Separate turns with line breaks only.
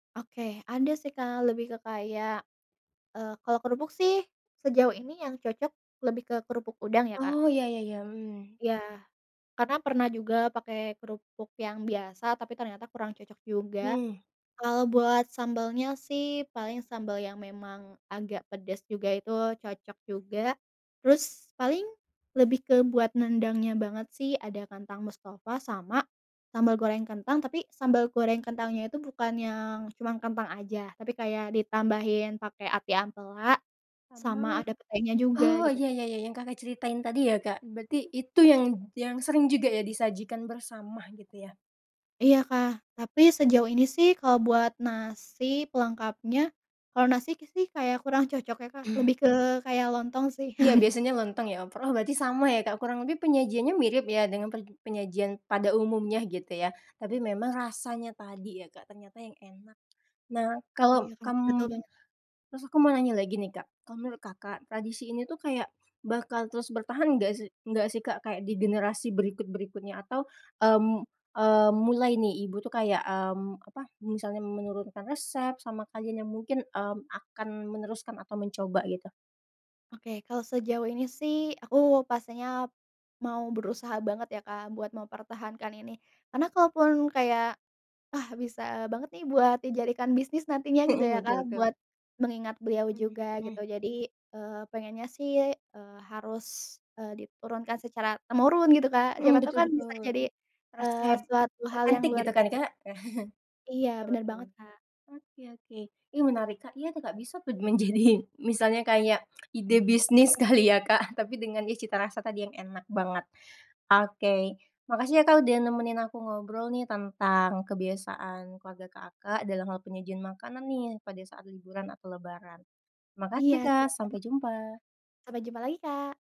Oke. Ada sih, Kak, lebih ke kayak, eee, kalau kerupuk sih sejauh ini yang cocok lebih ke kerupuk udang ya, Kak.
Oh, iya iya iya, mmm.
Iya. Karena pernah juga pakai kerupuk yang biasa tapi ternyata kurang cocok juga.
Mhm.
Kalau buat sambalnya sih, paling sambal yang memang agak pedes juga, itu cocok juga. Terus paling, lebih ke buat nendangnya banget sih, ada kentang mustofa sama sambal goreng kentang, tapi sambal goreng kentangnya itu bukan yang cuman kentang aja, tapi kayak ditambahin pakai ati ampela,
Sama
sama ada petenya juga
oh,
gitu.
iya iya iya iya yang Kakak ceritain tadi ya, Kak? Berarti itu yang yang sering juga ya disajikan bersama gitu ya?
Iya, Kak. Tapi sejauh ini sih, kalau buat nasi pelengkapnya, kalau nasi sih, kayak kurang cocok ya, Kak. Lebih ke kayak lontong sih.
Iya, biasanya lontong ya. Overall berarti sama ya, Kak. Kurang lebih penyajiannya mirip ya, dengan per penyajian pada umumnya gitu ya, tapi memang rasanya tadi ya, Kak, ternyata yang enak. Nah, kalau
Iya, Kak. Betul
kamu
banget.
terus aku mau nanya lagi nih, Kak. Kalau menurut Kakak tradisi ini tuh kayak bakal terus bertahan enggak sih enggak sih, Kak, kayak di generasi berikut-berikutnya atau, mmm mmm, mulai nih, ibu tuh kayak, mmm, apa? Misalnya menurunkan resep sama kalian yang mungkin, mmm, akan meneruskan atau mencoba gitu?
Oke, kalau sejauh ini sih, aku pastinya mau berusaha banget ya, Kak, buat mempertahankan ini. Karena kalaupun kayak, ah, bisa banget nih buat dijadikan bisnis nantinya gitu
Mhm,
ya,
betul
Kak,
betul.
buat mengingat beliau
Mmm,
juga gitu
mhm.
jadi, eee, pengennya sih, eee, harus, eee, diturunkan secara temurun gitu, Kak. Siapa
Mhm,
tahu
betul
kan bisa
betul.
jadi, eee,
Resep
suatu hal yang
otentik
luar
gitu kan,
biasa.
Kak?
Iya,
Iya,
bener
betul.
banget, Kak.
Oke oke. Ih, menarik, Kak iya tuh, Kak, bisa tuh menjadi misalnya kayak ide bisnis kali ya, Kak? Tapi dengan ya cita rasa tadi yang enak banget. Oke. Makasih ya, Kak, udah nemenin aku ngobrol nih tentang kebiasaan keluarga Kakak dalam hal penyajian makanan nih pada saat liburan atau lebaran. Makasih,
Iya,
Kak,
sama sama.
sampai jumpa.
Sampai jumpa lagi, Kak.